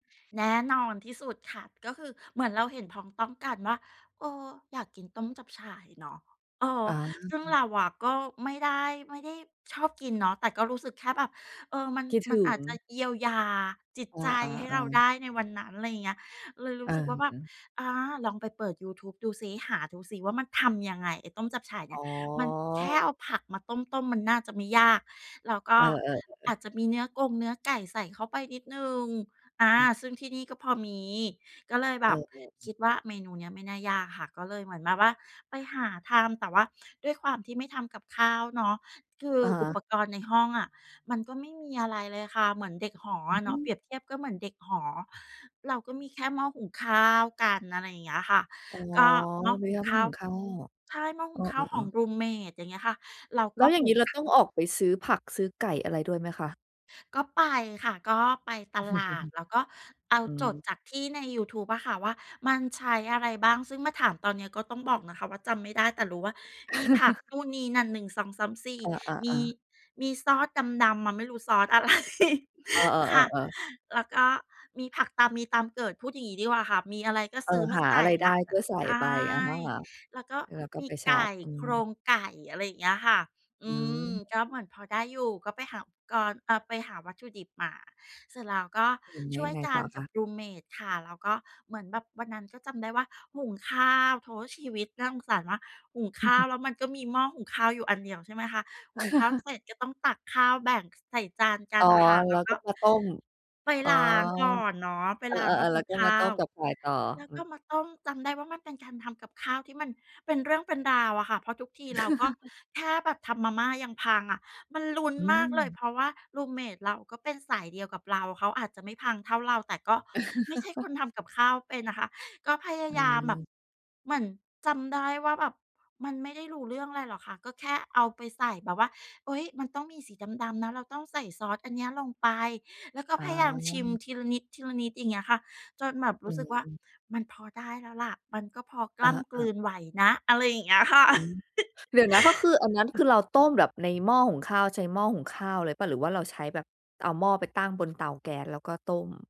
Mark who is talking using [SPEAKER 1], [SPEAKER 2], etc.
[SPEAKER 1] แน่นอนที่สุดค่ะ ก็คือเหมือนเราเห็นพ้องต้องกันว่า เอ่อ อยากกินต้มจับฉ่ายเนาะ เออ
[SPEAKER 2] อ๋อ
[SPEAKER 1] ซึ่งเราอะก็ไม่ได้ ไม่ได้ชอบกินเนาะ แต่ก็รู้สึกแค่แบบ เออ มัน
[SPEAKER 2] คิด
[SPEAKER 1] ม
[SPEAKER 2] ถ
[SPEAKER 1] ัน
[SPEAKER 2] ึ
[SPEAKER 1] อาจจ
[SPEAKER 2] ง
[SPEAKER 1] ะเยียวยาจิต
[SPEAKER 2] อ
[SPEAKER 1] ใจ
[SPEAKER 2] า
[SPEAKER 1] ให้เรา
[SPEAKER 2] ๆ
[SPEAKER 1] ไ
[SPEAKER 2] ๆ
[SPEAKER 1] ด้ ในวันนั้น อะไรอย่างเงี้ย เลยร
[SPEAKER 2] เ
[SPEAKER 1] ู้สึกว่าแบบ
[SPEAKER 2] ออ
[SPEAKER 1] อา ลองไปเปิดยูทูบ ดูซิ หาดูซิ ว่ามันทำยังไง ไอ้ต้มจับฉ่ายเน
[SPEAKER 2] อ
[SPEAKER 1] ี่
[SPEAKER 2] ๋
[SPEAKER 1] ย มันแค่
[SPEAKER 2] อ
[SPEAKER 1] เอาผักมาต้ม ๆ มันน่าจะไม่ยาก แล้วก
[SPEAKER 2] เ
[SPEAKER 1] ็
[SPEAKER 2] ออ
[SPEAKER 1] อ
[SPEAKER 2] ๆ ๆ
[SPEAKER 1] าจจะมีเนื้อกง เนื้อไก่ใส่เข้าไปนิดหนึ่ง อา
[SPEAKER 2] อือ
[SPEAKER 1] ซึ่งที่นี่ก็พอมี ก็เลยแบ
[SPEAKER 2] เ
[SPEAKER 1] บค
[SPEAKER 2] ออ
[SPEAKER 1] ิดว่า เมนูเนี้ยไม่น่ายากค่ะ ก็เลยเหมือนแบบว่าไปหาทำ แต่ว่าด้วยความที่ไม่ทำกับข้าวเนาะ คือ
[SPEAKER 2] อะฮ
[SPEAKER 1] อุ
[SPEAKER 2] ะ
[SPEAKER 1] ปกรณ์ในห้องอะ มันก็ไม่มีอะไรเลยค่ะ เหมือนเด็กหอ
[SPEAKER 2] อ
[SPEAKER 1] อ
[SPEAKER 2] ื
[SPEAKER 1] ะเนาะ เปร
[SPEAKER 2] ม
[SPEAKER 1] ียบเทียบก็เหมือนเด็กหอ เราก็มีแค่หม้อหุงข้าวกัน อะไรอย่างเงี้ยค่ะ
[SPEAKER 2] อ๋อ
[SPEAKER 1] ก็หม้
[SPEAKER 2] ม
[SPEAKER 1] อ
[SPEAKER 2] ี
[SPEAKER 1] หุ
[SPEAKER 2] แ
[SPEAKER 1] ง
[SPEAKER 2] ค่หม
[SPEAKER 1] ข
[SPEAKER 2] ้อ
[SPEAKER 1] ้า
[SPEAKER 2] หุ
[SPEAKER 1] ว
[SPEAKER 2] งข้าว
[SPEAKER 1] ใช่ หม้อ
[SPEAKER 2] เ
[SPEAKER 1] หุ
[SPEAKER 2] อ
[SPEAKER 1] งข้าวข
[SPEAKER 2] อ
[SPEAKER 1] อง
[SPEAKER 2] ๆ ๆ
[SPEAKER 1] รูมเมต อย่างเงี้ยค่ะ เรา
[SPEAKER 2] แล
[SPEAKER 1] ก
[SPEAKER 2] ้
[SPEAKER 1] ็
[SPEAKER 2] วอย่
[SPEAKER 1] ห
[SPEAKER 2] าง
[SPEAKER 1] ุ
[SPEAKER 2] งี้
[SPEAKER 1] ง
[SPEAKER 2] เราต้องออกไปซื้อผักซื้อไก่ อะไรด้วยไหมคะ?
[SPEAKER 1] ก็ไปค่ะ ก็ไปตลาด แล้วก็เอา
[SPEAKER 2] อื
[SPEAKER 1] จด
[SPEAKER 2] ม
[SPEAKER 1] จากที่ในยูทูบอะค่ะว่า มันใช้อะไรบ้าง ซึ่งมาถามตอนเนี้ย ก็ต้องบอกนะคะว่า จำไม่ได้ แต่รู้ว่ามีผักนู่นนี้นั่น 1 2 3 4
[SPEAKER 2] อ
[SPEAKER 1] มี
[SPEAKER 2] า ๆ ๆ
[SPEAKER 1] มีซอสดำ ๆ อะไม่รู้ซอส อะไร
[SPEAKER 2] เออ
[SPEAKER 1] ค่ะ
[SPEAKER 2] ๆ ๆ ๆ
[SPEAKER 1] แล้วก็มีผักตามมีตามเกิด พูดอย่างนี้ดีกว่าค่ะ มีอะไรก็
[SPEAKER 2] เอ
[SPEAKER 1] ซ
[SPEAKER 2] อ
[SPEAKER 1] ื้อม
[SPEAKER 2] ห
[SPEAKER 1] า
[SPEAKER 2] า
[SPEAKER 1] ใส
[SPEAKER 2] อะ
[SPEAKER 1] ่
[SPEAKER 2] ไรไ
[SPEAKER 1] แ
[SPEAKER 2] ด
[SPEAKER 1] ล
[SPEAKER 2] ้
[SPEAKER 1] ้ว
[SPEAKER 2] ก็ใส่
[SPEAKER 1] ใช
[SPEAKER 2] ไป
[SPEAKER 1] ่
[SPEAKER 2] อา แล
[SPEAKER 1] แล้วก็
[SPEAKER 2] ้วก็
[SPEAKER 1] ม
[SPEAKER 2] ไ
[SPEAKER 1] ี
[SPEAKER 2] ปช
[SPEAKER 1] ไก
[SPEAKER 2] อป
[SPEAKER 1] ่
[SPEAKER 2] อื
[SPEAKER 1] โคร
[SPEAKER 2] ม
[SPEAKER 1] งไก่ อะไรอย่างเงี้ยค่ะ อ
[SPEAKER 2] อื
[SPEAKER 1] ื
[SPEAKER 2] ม
[SPEAKER 1] ม ก็เหมือนพอได้อยู่ ก็ไปหาอุปกรณ์ อ่า ไปหาวัตถุดิบมา เสร็จแล้วก็
[SPEAKER 2] อือ แล้
[SPEAKER 1] ช
[SPEAKER 2] ว
[SPEAKER 1] ่
[SPEAKER 2] ย
[SPEAKER 1] วย
[SPEAKER 2] ังไง
[SPEAKER 1] ก
[SPEAKER 2] ต
[SPEAKER 1] ั
[SPEAKER 2] ่
[SPEAKER 1] น
[SPEAKER 2] อค
[SPEAKER 1] กั
[SPEAKER 2] ะ?
[SPEAKER 1] บ รูมเมต ค่ะ แล้วก็เหมือนแบบวันนั้น ก็จำได้ว่าหุงข้าว โธ่ ชีวิตน่าสงสารว่า หุงข้าวแล้วมันก็มีหม้อหุงข้าวอยู่อันเดียว ใช่ไหมคะ หุงข้าวเสร็จ ก็ต้องตักข้าวแบ่งใส่จานกั
[SPEAKER 2] อ๋
[SPEAKER 1] น
[SPEAKER 2] อ
[SPEAKER 1] อะค่ะ แ
[SPEAKER 2] แ
[SPEAKER 1] ล
[SPEAKER 2] ล
[SPEAKER 1] ้
[SPEAKER 2] ้
[SPEAKER 1] ว
[SPEAKER 2] ว
[SPEAKER 1] ก
[SPEAKER 2] ก
[SPEAKER 1] ็
[SPEAKER 2] ็มาต้ม
[SPEAKER 1] ไป
[SPEAKER 2] อ๋อ
[SPEAKER 1] ล้างก่อนเนาะ ไป
[SPEAKER 2] เออ
[SPEAKER 1] ล้างหม้อ
[SPEAKER 2] ๆ
[SPEAKER 1] ห
[SPEAKER 2] แล้
[SPEAKER 1] ุ
[SPEAKER 2] ว
[SPEAKER 1] ง
[SPEAKER 2] ก็
[SPEAKER 1] ข
[SPEAKER 2] มา
[SPEAKER 1] ้
[SPEAKER 2] ต
[SPEAKER 1] า
[SPEAKER 2] ้ม
[SPEAKER 1] ว
[SPEAKER 2] จับฉ่ายต่อ
[SPEAKER 1] แล้ว
[SPEAKER 2] อื
[SPEAKER 1] ก็
[SPEAKER 2] อ
[SPEAKER 1] มาต้ม จำได้ว่ามันเป็นการทำกับข้าว ที่มันเป็นเรื่องเป็นราวอะค่ะ เพราะทุกทีเราก็แค่แบบทำมาม่ายังพังอะ มันลุ้น
[SPEAKER 2] อ
[SPEAKER 1] มากเลย
[SPEAKER 2] ืม
[SPEAKER 1] เพราะว่า รูมเมต เราก็เป็นสายเดียวกับเรา เขาอาจจะไม่พังเท่าเรา แต่ก็ไม่ใช่คนทำกับข้าวเป็นอะค่ะ ก็พยา
[SPEAKER 2] อ
[SPEAKER 1] ยามแบบ
[SPEAKER 2] ืม
[SPEAKER 1] เหมือนจำได้ว่า แบบมันไม่ได้รู้เรื่องอะไรหรอกค่ะ ก็แค่เอาไปใส่แบบว่า เฮ้ย มันต้องมีสีดำ ๆ นะ เราต้องใส่ซอสอันเนี้ยลงไป แล้วก็
[SPEAKER 2] อ๋
[SPEAKER 1] พยายามชิม
[SPEAKER 2] อ
[SPEAKER 1] ทีละนิด ทีละนิด อย่างเงี้ยค่ะ จนแบบ
[SPEAKER 2] อ
[SPEAKER 1] ร
[SPEAKER 2] ื
[SPEAKER 1] ู้สึกว่า
[SPEAKER 2] ม
[SPEAKER 1] มันพอได้แล้วล่ะ มันก็พอก
[SPEAKER 2] อ
[SPEAKER 1] ล
[SPEAKER 2] ่
[SPEAKER 1] ้ำกล
[SPEAKER 2] า
[SPEAKER 1] ื
[SPEAKER 2] ๆ
[SPEAKER 1] นไหวนะ อะไรอย่างเงี้ยค่ะ
[SPEAKER 2] อือ เดี๋ยวนะ ก็คืออันนั้น คือเราต้มแบบในหม้อหุงข้าว ใช้หม้อหุงข้าวเลยเปล่า หรือว่าเราใช้แบบเอาหม้อไปตั้งบนเตาแก๊ส แล้วก็ต้ม?